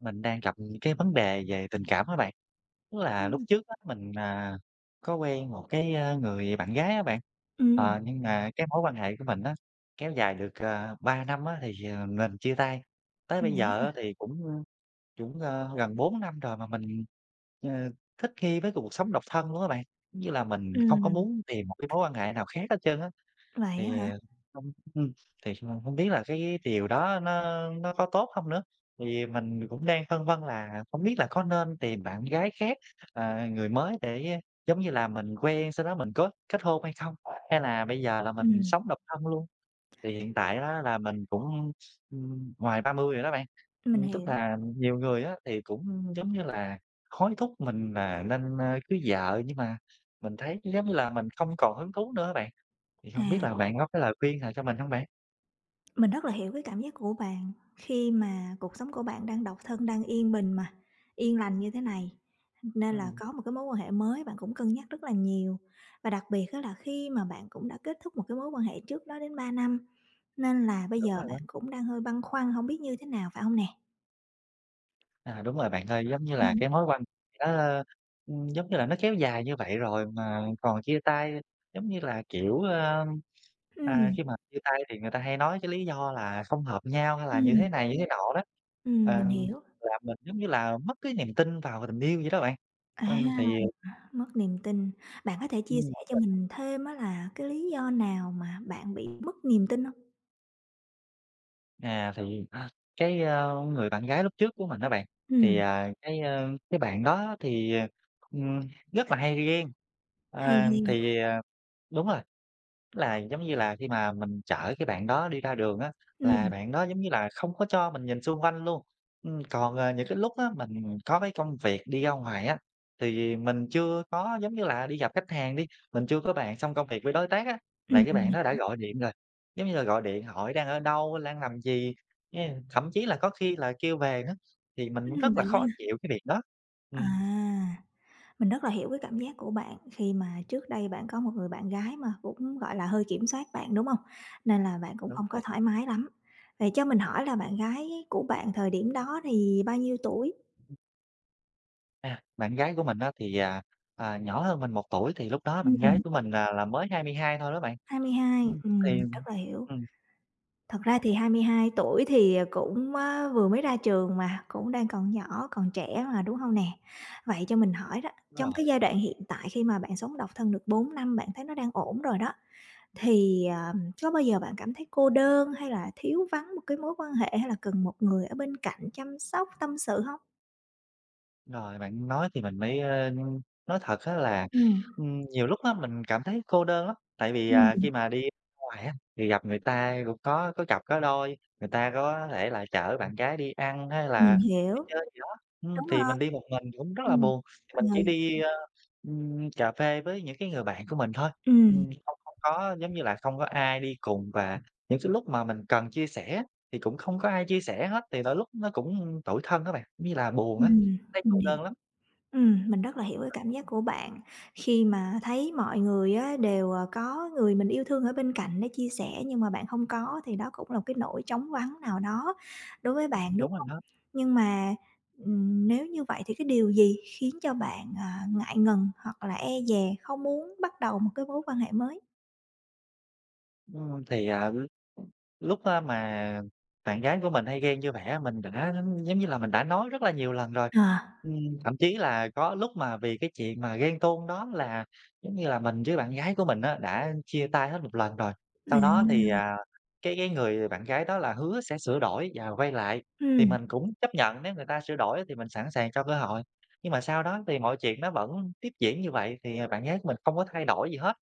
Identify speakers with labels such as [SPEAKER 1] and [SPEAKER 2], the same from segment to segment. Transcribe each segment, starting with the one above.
[SPEAKER 1] Mình đang gặp những cái vấn đề về tình cảm á bạn. Tức là lúc
[SPEAKER 2] Ừm.
[SPEAKER 1] trước á, mình, à, có quen một cái, a, người bạn gái á bạn,
[SPEAKER 2] Ừm.
[SPEAKER 1] ờ, nhưng mà cái mối quan hệ của mình á, kéo dài được, ờ, 3 năm á thì, ờ, mình chia tay. Tới
[SPEAKER 2] Ừm,
[SPEAKER 1] bây
[SPEAKER 2] vậy á
[SPEAKER 1] giờ á,
[SPEAKER 2] hả?
[SPEAKER 1] thì cũng cũng, ơ, gần 4 năm rồi mà mình, ờ, thích nghi với cuộc cuộc sống độc thân luôn á bạn, giống như là, mình không có
[SPEAKER 2] Ừm.
[SPEAKER 1] muốn tìm một cái mối quan hệ nào khác hết trơn á,
[SPEAKER 2] Vậy á
[SPEAKER 1] thì,
[SPEAKER 2] hả?
[SPEAKER 1] ờ, không ừm, thì hông hông biết là cái điều đó nó nó có tốt không nữa? Thì mình cũng đang phân vân là không biết là có nên tìm bạn gái khác, ờ, người mới để, giống như là, mình quen sau đó mình có kết hôn hay không, hay là bây giờ là mình
[SPEAKER 2] Ừm.
[SPEAKER 1] sống độc thân luôn? Thì hiện tại á, là mình cũng, ưm, ngoài 30 rồi đó bạn,
[SPEAKER 2] Mình
[SPEAKER 1] ừm, tức
[SPEAKER 2] hiểu.
[SPEAKER 1] là nhiều người á, thì cũng, giống như là, hối thúc mình là nên, ơ, cưới vợ nhưng mà mình thấy, giống như là, mình không còn hứng thú nữa á bạn. Thì không biết
[SPEAKER 2] À.
[SPEAKER 1] là bạn có cái lời khuyên nào cho mình hông bạn?
[SPEAKER 2] Mình rất là hiểu cái cảm giác của bạn khi mà cuộc sống của bạn đang độc thân đang yên bình mà, yên lành như thế này, ưm, nên là
[SPEAKER 1] Ừm.
[SPEAKER 2] có một cái mối quan hệ mới bạn cũng cân nhắc rất là nhiều. Và đặc biệt á, là khi mà bạn cũng đã kết thúc một cái mối quan hệ trước đó đến 3 năm, nên là bây
[SPEAKER 1] Đúng
[SPEAKER 2] giờ
[SPEAKER 1] rồi
[SPEAKER 2] bạn
[SPEAKER 1] đó.
[SPEAKER 2] cũng đang hơi băn khoăn hổng biết như thế nào phải hông nè?
[SPEAKER 1] À, đúng rồi bạn ơi, giống như là,
[SPEAKER 2] Ừm.
[SPEAKER 1] cái mối quan hệ nó, ừm, giống như là, nó kéo dài như vậy rồi mà còn chia tay, giống như là, kiểu, ờ, à,
[SPEAKER 2] Ừm.
[SPEAKER 1] khi mà chia tay thì người ta hay nói cái lý do là không hợp nhau hay là như
[SPEAKER 2] Ừm.
[SPEAKER 1] thế này như thế nọ đó,
[SPEAKER 2] Ừm, mình
[SPEAKER 1] ờm,
[SPEAKER 2] hiểu.
[SPEAKER 1] là mình, giống như là, mất cái niềm tin vào tình yêu vậy đó bạn.
[SPEAKER 2] À,
[SPEAKER 1] Ừm, thì
[SPEAKER 2] mất niềm tin, bạn có thể chia
[SPEAKER 1] Ừm.
[SPEAKER 2] sẻ
[SPEAKER 1] Đúng
[SPEAKER 2] cho
[SPEAKER 1] rồi.
[SPEAKER 2] mình thêm á là cái lý do nào mà bạn bị mất niềm tin hông?
[SPEAKER 1] À, thì, cái, ờ, người bạn gái lúc trước của mình đó bạn, thì,
[SPEAKER 2] Ừm.
[SPEAKER 1] à, cái, à, cái bạn đó thì, ờ, ừm, rất là hay ghen.
[SPEAKER 2] Hay
[SPEAKER 1] À,
[SPEAKER 2] ghen.
[SPEAKER 1] thì, à đúng rồi, là, giống như là, khi mà mình chở cái bạn đó đi ra đường á, là
[SPEAKER 2] Ừm.
[SPEAKER 1] bạn đó, giống như là, không có cho mình nhìn xung quanh luôn. Ừm, còn, ờ, những cái lúc á mình có cái công việc đi ra ngoài á, thì mình chưa có, giống như là, đi gặp khách hàng đi, mình chưa có bàn xong công việc với đối tác á, là
[SPEAKER 2] Ừm.
[SPEAKER 1] cái
[SPEAKER 2] Mình
[SPEAKER 1] bạn đó đã
[SPEAKER 2] hiểu.
[SPEAKER 1] gọi điện rồi, giống như là, gọi điện hỏi: "Đang ở đâu? Lang làm gì?" Yeah, thậm chí là có khi là kêu về nữa, thì mình
[SPEAKER 2] Ừm,
[SPEAKER 1] cũng rất là
[SPEAKER 2] vậy
[SPEAKER 1] khó
[SPEAKER 2] ha?
[SPEAKER 1] chịu cái việc đó.
[SPEAKER 2] À,
[SPEAKER 1] Ừm.
[SPEAKER 2] mình rất là hiểu cái cảm giác của bạn, khi mà trước đây bạn có một người bạn gái mà cũng, gọi là, hơi kiểm soát bạn, đúng hông? Nên là bạn cũng
[SPEAKER 1] Đúng
[SPEAKER 2] hông
[SPEAKER 1] rồi.
[SPEAKER 2] có thoải mái lắm. Vậy cho mình hỏi là bạn gái của bạn thời điểm đó thì bao nhiêu tuổi?
[SPEAKER 1] À, bạn gái của mình á thì, à, à, nhỏ hơn mình 1 tuổi, thì lúc đó
[SPEAKER 2] Ừm,
[SPEAKER 1] bạn gái
[SPEAKER 2] ừm.
[SPEAKER 1] của mình là là mới 22 thôi đó bạn.
[SPEAKER 2] 22,
[SPEAKER 1] Ừm,
[SPEAKER 2] ừm,
[SPEAKER 1] thì
[SPEAKER 2] rất là hiểu.
[SPEAKER 1] ừm.
[SPEAKER 2] Thật ra thì 22 tuổi thì, ờ, cũng á vừa mới ra trường mà, cũng đang còn nhỏ, còn trẻ mà, đúng hông nè? Vậy cho mình hỏi đó,
[SPEAKER 1] Đúng
[SPEAKER 2] trong
[SPEAKER 1] rồi.
[SPEAKER 2] cái giai đoạn hiện tại khi mà bạn sống độc thân được 4 năm, bạn thấy nó đang ổn rồi đó, thì, à, có bao giờ bạn cảm thấy cô đơn hay là thiếu vắng một cái mối quan hệ, hay là cần một người ở bên cạnh chăm sóc, tâm sự hông?
[SPEAKER 1] Rồi, bạn nói thì mình mới, ờ, nói thật á là,
[SPEAKER 2] Ừm.
[SPEAKER 1] ừm, nhiều lúc á mình cảm thấy cô đơn lắm. Tại vì, à, khi
[SPEAKER 2] Ừm.
[SPEAKER 1] mà đi ra ngoài á thì gặp người ta ai cũng có có cặp có đôi, người ta có thể là chở bạn gái đi ăn hay
[SPEAKER 2] Mình
[SPEAKER 1] là đi
[SPEAKER 2] hiểu.
[SPEAKER 1] chơi gì đó. Ừm,
[SPEAKER 2] Đúng
[SPEAKER 1] thì
[SPEAKER 2] rồi.
[SPEAKER 1] mình đi một mình thì cũng rất là
[SPEAKER 2] Ừm,
[SPEAKER 1] buồn, thì mình chỉ
[SPEAKER 2] ừ.
[SPEAKER 1] đi, ờ, ừm, cà phê với những cái người bạn của mình thôi.
[SPEAKER 2] Ừm.
[SPEAKER 1] Ừm, không không có, giống như là, không có ai đi cùng, và những sái lúc mà mình cần chia sẻ thì cũng không có ai chia sẻ hết. Thì đôi lúc nó cũng tủi thân á bạn, giống như là, buồn á,
[SPEAKER 2] Ừm,
[SPEAKER 1] thấy
[SPEAKER 2] mình
[SPEAKER 1] cô
[SPEAKER 2] hiểu.
[SPEAKER 1] đơn lắm.
[SPEAKER 2] Ừm, mình rất là hiểu cái cảm giác của bạn, khi mà thấy mọi người á đều, ờ, có người mình yêu thương ở bên cạnh để chia sẻ, nhưng mà bạn hông có. Thì đó cũng là một cái nỗi trống vắng nào đó đối với bạn, đúng
[SPEAKER 1] Đúng rồi
[SPEAKER 2] hông?
[SPEAKER 1] đó.
[SPEAKER 2] Nhưng mà, ừm, nếu như vậy thì cái điều gì khiến cho bạn, à, ngại ngần hoặc là e dè không muốn bắt đầu một cái mối quan hệ mới?
[SPEAKER 1] Ừm, thì, ờ, [unintelligible] lúc á mà bạn gái của mình hay ghen như vậy á mình đã giống như là mình đã nói rất là nhiều lần rồi.
[SPEAKER 2] À.
[SPEAKER 1] Ừm, thậm chí là có lúc mà vì cái chuyện mà ghen tuông đó, là giống như là mình với bạn gái của mình á, đã chia tay hết một lần rồi, sau
[SPEAKER 2] À.
[SPEAKER 1] đó thì, à, cái cái người bạn gái đó là hứa sẽ sửa đổi và quay lại, thì
[SPEAKER 2] Ừm.
[SPEAKER 1] mình cũng chấp nhận nếu người ta sửa đổi á thì mình sẵn sàng cho cơ hội. Nhưng mà sau đó thì mọi chuyện nó vẫn tiếp diễn như vậy thì, ờ, bạn gái mình hông có thay đổi gì hết.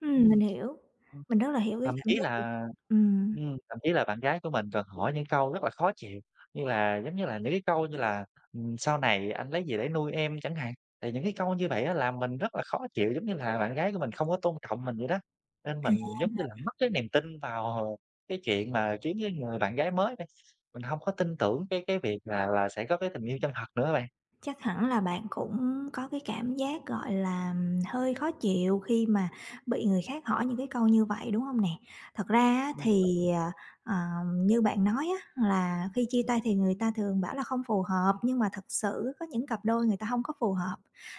[SPEAKER 2] Ừm
[SPEAKER 1] Ừm.
[SPEAKER 2] mình hiểu,
[SPEAKER 1] Ừm.
[SPEAKER 2] mình rất là hiểu cái
[SPEAKER 1] Thậm
[SPEAKER 2] cảm
[SPEAKER 1] chí
[SPEAKER 2] giác của bạn,
[SPEAKER 1] là
[SPEAKER 2] ừm.
[SPEAKER 1] ừm, thậm chí là bạn gái của mình còn hỏi những câu rất là khó chịu, như là giống như là những cái câu như là, ừm, sau này thì anh lấy gì để nuôi em chẳng hạn. Thì những cái câu như vậy á, làm mình rất là khó chịu, giống như là bạn gái của mình không có tôn trọng mình vậy đó, nên
[SPEAKER 2] À.
[SPEAKER 1] mình giống như là mất cái niềm tin vào cái chuyện mà kiếm cái người bạn gái mới đây, mình hông có tin tưởng cái cái việc là là sẽ có cái tình yêu chân thật nữa rồi.
[SPEAKER 2] Chắc hẳn là bạn cũng có cái cảm giác, gọi là, hơi khó chịu khi mà bị người khác hỏi những cái câu như vậy, đúng hông nè? Thật ra á,
[SPEAKER 1] Ừm, đúng rồi.
[SPEAKER 2] thì, à, ờ, như bạn nói á, là khi chia tay thì người ta thường bảo là không phù hợp, nhưng mà thực sự á, có những cặp đôi người ta hông có phù hợp,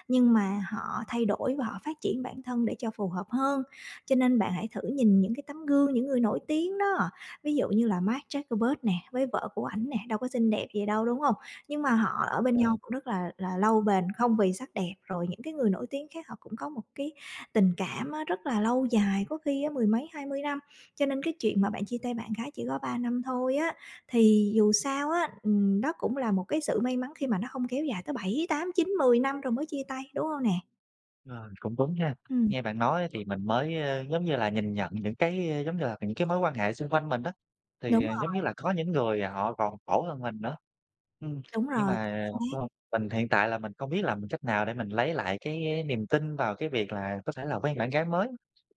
[SPEAKER 2] nhưng mà họ thay đổi và họ phát triển bản thân để cho phù hợp hơn, cho nên bạn hãy thử nhìn những cái tấm gương, những người nổi tiếng đó. Ví dụ như là Mark Zuckerberg nè, với vợ của ảnh nè, đâu có xinh đẹp gì đâu, đúng hông? Nhưng mà họ ở bên nhau
[SPEAKER 1] Ờ.
[SPEAKER 2] cũng rất là là lâu bền, không vì sắc đẹp, rồi những cái người nổi tiếng khác họ cũng có một cái tình cảm á, rất là lâu dài, có khi á mười mấy 20 năm, cho nên cái chuyện mà bạn chia tay bạn gái chỉ có 3 năm thôi á, thì dù sao á, ừm, đó cũng là một cái sự may mắn khi mà nó hông kéo dài tới 7, 8, 9, 10 năm rồi mới chia tay, đúng hông nè?
[SPEAKER 1] Rồi, cũng đúng ha.
[SPEAKER 2] Ừm.
[SPEAKER 1] Nghe bạn nói á thì mình mới, ơ, giống như là, nhìn nhận những cái, ờ, giống như là, những cái mối quan hệ xung quanh mình á. Thì,
[SPEAKER 2] Đúng
[SPEAKER 1] ờ, giống
[SPEAKER 2] rồi.
[SPEAKER 1] như là, có những người họ còn khổ hơn mình nữa. Ừm,
[SPEAKER 2] Đúng
[SPEAKER 1] nhưng
[SPEAKER 2] rồi, chính
[SPEAKER 1] mà
[SPEAKER 2] xác.
[SPEAKER 1] không mình hiện tại là mình không biết làm cách nào để mình lấy lại cái niềm tin vào cái việc là có thể là quen bạn gái mới,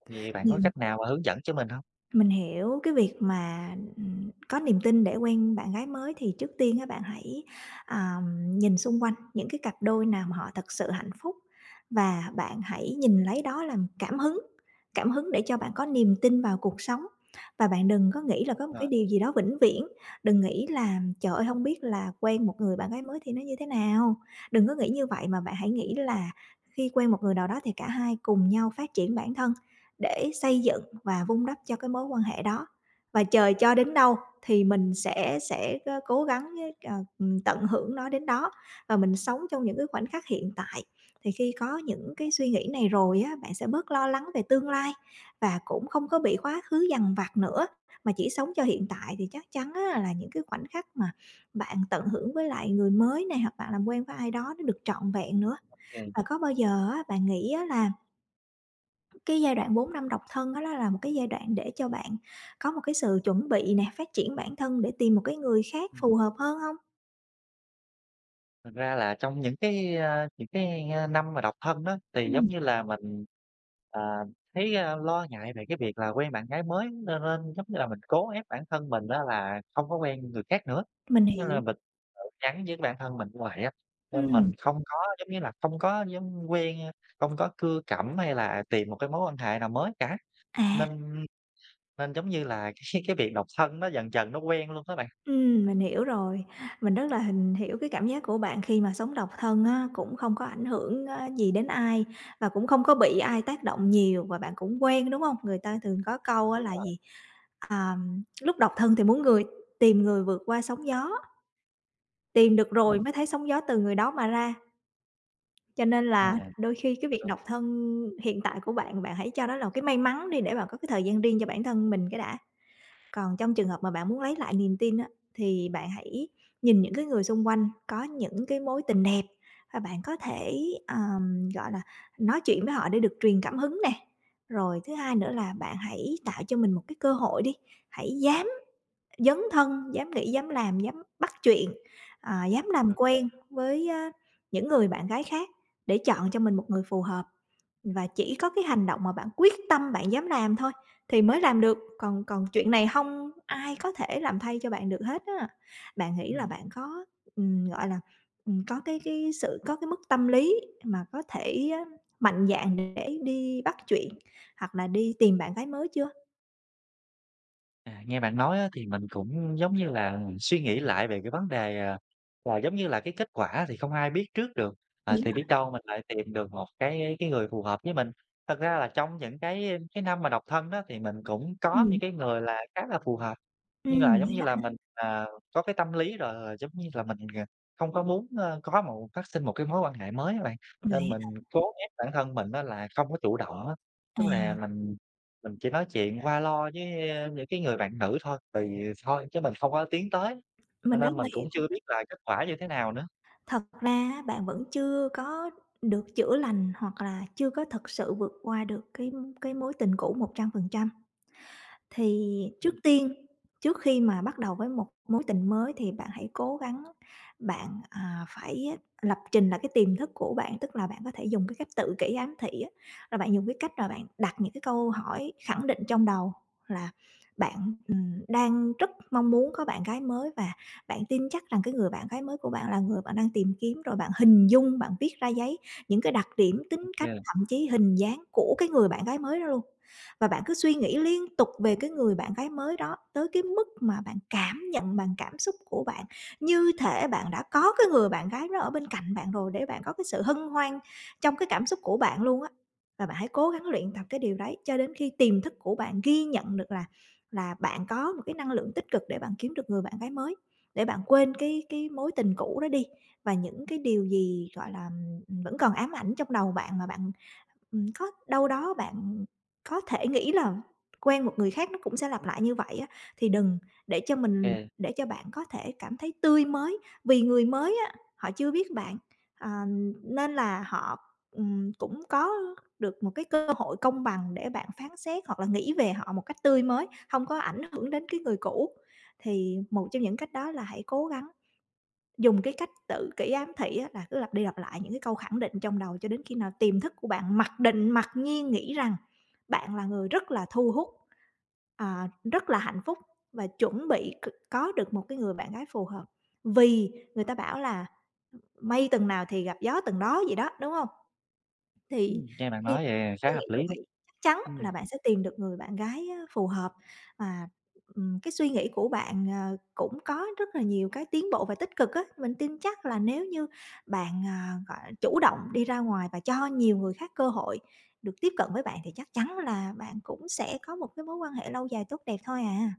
[SPEAKER 1] thì bạn có
[SPEAKER 2] [unintelligible]
[SPEAKER 1] cách nào mà hướng dẫn cho mình hông?
[SPEAKER 2] Mình hiểu, cái việc mà, ừm, có niềm tin để quen bạn gái mới, thì trước tiên á bạn hãy, à, nhìn xung quanh những cái cặp đôi nào mà họ thật sự hạnh phúc, và bạn hãy nhìn lấy đó làm cảm hứng, cảm hứng để cho bạn có niềm tin vào cuộc sống. Và bạn đừng có nghĩ là có một
[SPEAKER 1] Rồi.
[SPEAKER 2] cái điều gì đó vĩnh viễn, đừng nghĩ là "Trời ơi, hông biết là quen một người bạn gái mới thì nó như thế nào?" Đừng có nghĩ như vậy, mà bạn hãy nghĩ là khi quen một người nào đó, thì cả hai cùng nhau phát triển bản thân, để xây dựng và vun đắp cho cái mối quan hệ đó, và trời cho đến đâu thì mình sẽ sẽ, ờ, cố gắng hết ờ, ừm, tận hưởng nó đến đó, và mình sống trong những cái khoảnh khắc hiện tại. Thì khi có những cái suy nghĩ này rồi á, bạn sẽ bớt lo lắng về tương lai, và cũng không có bị quá khứ dằn vặt nữa, mà chỉ sống cho hiện tại. Thì chắc chắn á là những cái khoảnh khắc mà bạn tận hưởng với lại người mới này, hoặc bạn làm quen với ai đó nó được trọn vẹn nữa.
[SPEAKER 1] Ô kê.
[SPEAKER 2] Và có bao giờ á bạn nghĩ á là cái giai đoạn 4 năm độc thân á, đó là một cái giai đoạn để cho bạn có một cái sự chuẩn bị nè, phát triển bản thân để tìm một cái người khác
[SPEAKER 1] Ừm.
[SPEAKER 2] phù hợp hơn hông?
[SPEAKER 1] Thật ra là trong những cái, a những cái, a, năm mà độc thân đó, thì giống
[SPEAKER 2] Ừm.
[SPEAKER 1] như là mình, ờ, thấy, ơ, lo ngại về cái việc là quen bạn gái mới nơ rên giống như là mình cố ép bản thân mình á là không có quen người khác nữa.
[SPEAKER 2] Mình
[SPEAKER 1] Nên là
[SPEAKER 2] hiểu.
[SPEAKER 1] mình tự nhắn với bản thân mình vậy á, nên mình
[SPEAKER 2] Ừm.
[SPEAKER 1] không có giống như là không có dám quen, ơ, không có cưa cẩm hay là tìm một cái mối quan hệ nào mới cả.
[SPEAKER 2] À.
[SPEAKER 1] Nên nên giống như là cái cái việc độc thân nó dần dần nó quen luôn á bạn.
[SPEAKER 2] Ừm, mình hiểu rồi. Mình rất là hình hiểu cái cảm giác của bạn khi mà sống độc thân á, cũng không có ảnh hưởng á, gì đến ai và cũng không có bị ai tác động nhiều và bạn cũng quen, đúng hông? Người ta thường có câu á
[SPEAKER 1] Đúng
[SPEAKER 2] là
[SPEAKER 1] rồi.
[SPEAKER 2] gì, ờm, lúc độc thân thì muốn người tìm người vượt qua sóng gió, tìm được rồi
[SPEAKER 1] Ừm.
[SPEAKER 2] mới thấy sóng gió từ người đó mà ra. Cho nên
[SPEAKER 1] Sao
[SPEAKER 2] là
[SPEAKER 1] nè?
[SPEAKER 2] đôi khi cái việc
[SPEAKER 1] Đ
[SPEAKER 2] độc thân hiện tại của bạn, bạn hãy cho nó là một cái may mắn đi để bạn có cái thời gian riêng cho bản thân mình cái đã. Còn trong trường hợp mà bạn muốn lấy lại niềm tin á thì bạn hãy nhìn những cái người xung quanh có những cái mối tình đẹp, à, bạn có thể, ờm, gọi là, nói chuyện với họ để được truyền cảm hứng nè. Rồi thứ hai nữa là bạn hãy tạo cho mình một cái cơ hội đi, hãy dám dấn thân, dám nghĩ, dám làm, dám bắt chuyện, à, dám làm
[SPEAKER 1] Ô kê.
[SPEAKER 2] quen với những người bạn gái khác để chọn cho mình một người phù hợp. Và chỉ có cái hành động mà bạn quyết tâm bạn dám làm thôi thì mới làm được, còn còn chuyện này hông ai có thể làm thay cho bạn được hết á. Bạn nghĩ là
[SPEAKER 1] Ừm.
[SPEAKER 2] bạn có, ừm, gọi là, ừm, có cái cái sự có cái mức tâm lý mà có thể mạnh dạn để đi bắt chuyện hoặc là đi tìm bạn gái mới chưa?
[SPEAKER 1] À, nghe bạn nói á, thì mình cũng, giống như là, suy nghĩ lại về cái vấn đề, à, là, giống như là, cái kết quả thì không ai biết trước được, à,
[SPEAKER 2] Đúng
[SPEAKER 1] thì
[SPEAKER 2] rồi.
[SPEAKER 1] biết đâu mình lại tìm được một cái cái người phù hợp với mình. Thật ra là trong những cái cái năm mà độc thân đó thì mình cũng có
[SPEAKER 2] Ừm.
[SPEAKER 1] những cái người là khá là phù hợp, nhưng là,
[SPEAKER 2] Ừm,
[SPEAKER 1] giống
[SPEAKER 2] vậy
[SPEAKER 1] như
[SPEAKER 2] á
[SPEAKER 1] là,
[SPEAKER 2] hả?
[SPEAKER 1] mình, à, có cái tâm lý rồi. Giống như là, mình, gờ, hông có muốn, ơ, có một phát sinh một cái mối quan hệ mới á bạn,
[SPEAKER 2] Vậy
[SPEAKER 1] nên
[SPEAKER 2] á hả?
[SPEAKER 1] mình cố ép bản thân mình á, là không có chủ động á.
[SPEAKER 2] À.
[SPEAKER 1] Tức là mình mình chỉ nói chuyện qua loa với, a, những cái người bạn nữ thôi, tùy thôi chứ mình không có tiến tới, cho
[SPEAKER 2] Mình rất
[SPEAKER 1] nên mình
[SPEAKER 2] là hiểu.
[SPEAKER 1] cũng chưa biết là kết quả như thế nào nữa.
[SPEAKER 2] Thật ra á, bạn vẫn chưa có được chữa lành hoặc là chưa có thực sự vượt qua được cái cái mối tình cũ 100%. Thì trước
[SPEAKER 1] Ừm.
[SPEAKER 2] tiên, trước khi mà bắt đầu với một mối tình mới thì bạn hãy cố gắng bạn, à, phải lập trình lại cái tiềm thức của bạn. Tức là bạn có thể dùng cái cách tự kỷ ám thị á, là bạn dùng cái cách mà bạn đặt những cái câu hỏi khẳng định trong đầu là bạn, ừm, đang rất mong muốn có bạn gái mới và bạn tin chắc rằng cái người bạn gái mới của bạn là người bạn đang tìm kiếm. Rồi bạn hình dung, bạn viết ra giấy những cái đặc điểm tính cách
[SPEAKER 1] OK.
[SPEAKER 2] thậm chí hình dáng của cái người bạn gái mới đó luôn, và bạn cứ suy nghĩ liên tục về cái người bạn gái mới đó tới cái mức mà bạn cảm nhận bằng cảm xúc của bạn, như thể bạn đã có cái người bạn gái đó ở bên cạnh bạn rồi để bạn có cái sự hân hoan trong cái cảm xúc của bạn luôn á. Và bạn hãy cố gắng luyện tập cái điều đấy cho đến khi tiềm thức của bạn ghi nhận được là là bạn có một cái năng lượng tích cực để bạn kiếm được người bạn gái mới, để bạn quên cái cái mối tình cũ đó đi. Và những cái điều gì, gọi là, ừm, ừm, vẫn còn ám ảnh trong đầu bạn mà bạn, ừm, có đâu đó bạn, ừm, có thể nghĩ là quen một người khác nó cũng sẽ lặp lại như vậy á, thì đừng, để cho mình
[SPEAKER 1] Kê.
[SPEAKER 2] để cho bạn có thể cảm thấy tươi mới. Vì người mới á, họ chưa biết bạn, à, nên là họ, ừm, cũng có được một cái cơ hội công bằng để bạn phán xét hoặc là nghĩ về họ một cách tươi mới, hông có ảnh hưởng đến cái người cũ. Thì một trong những cách đó là hãy cố gắng dùng cái cách tự kỷ ám thị á, là cứ lặp đi lặp lại những cái câu khẳng định trong đầu cho đến khi nào tiềm thức của bạn mặc định, mặc nhiên nghĩ rằng bạn là người rất là thu hút, à, rất là hạnh phúc và chuẩn bị c có được một cái người bạn gái phù hợp. Vì người ta bảo là, ưm, "mây tầng nào thì gặp gió tầng đó" vậy đó, đúng hông? Thì
[SPEAKER 1] Ừm, nghe bạn
[SPEAKER 2] khi
[SPEAKER 1] nói vậy khá
[SPEAKER 2] suy nghĩ
[SPEAKER 1] hợp
[SPEAKER 2] như
[SPEAKER 1] lý đó,
[SPEAKER 2] vậy chắc chắn
[SPEAKER 1] Ừm.
[SPEAKER 2] là bạn sẽ tìm được người bạn gái, ơ, phù hợp và, ừm, cái suy nghĩ của bạn, ờ, cũng có rất là nhiều cái tiến bộ và tích cực á. Mình tin chắc là nếu như bạn, à, gọi chủ động đi ra ngoài và cho nhiều người khác cơ hội được tiếp cận với bạn thì chắc chắn là bạn cũng sẽ có một cái mối quan hệ lâu dài, tốt đẹp thôi à.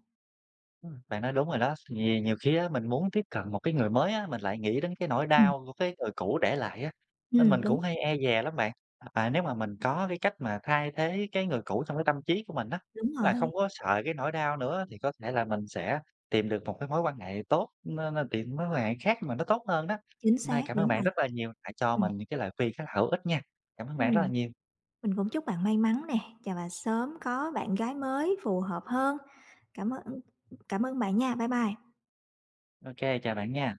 [SPEAKER 1] Ừm, bạn nói đúng rồi đó, vì nhiều khi á, mình muốn tiếp cận một cái người mới á, mình lại nghĩ đến cái nỗi
[SPEAKER 2] Ừm.
[SPEAKER 1] đau của cái người cũ để lại á, nên mình
[SPEAKER 2] Ừm, đúng.
[SPEAKER 1] cũng hay e dè lắm bạn. Ờ, và nếu mà mình có cái cách mà thay thế cái người cũ trong cái tâm trí của mình á,
[SPEAKER 2] Đúng
[SPEAKER 1] là không
[SPEAKER 2] rồi.
[SPEAKER 1] có sợ cái nỗi đau nữa á, thì có thể là mình sẽ tìm được một cái mối quan hệ tốt, nó nó tìm mối quan hệ khác mà nó tốt hơn đó.
[SPEAKER 2] Chính
[SPEAKER 1] Hôm
[SPEAKER 2] xác,
[SPEAKER 1] nay cảm ơn
[SPEAKER 2] đúng
[SPEAKER 1] bạn
[SPEAKER 2] rồi.
[SPEAKER 1] rất là nhiều, đã cho
[SPEAKER 2] Ừm.
[SPEAKER 1] mình những cái lời khuyên khá là hữu ích nha. Cảm ơn bạn rất là
[SPEAKER 2] Ừm,
[SPEAKER 1] nhiều.
[SPEAKER 2] mình cũng chúc bạn may mắn nè, chà, và sớm có bạn gái mới phù hợp hơn. Cảm ơn, ưm, ưm, cảm ơn bạn nha, bye bye.
[SPEAKER 1] OK, chào bạn nha.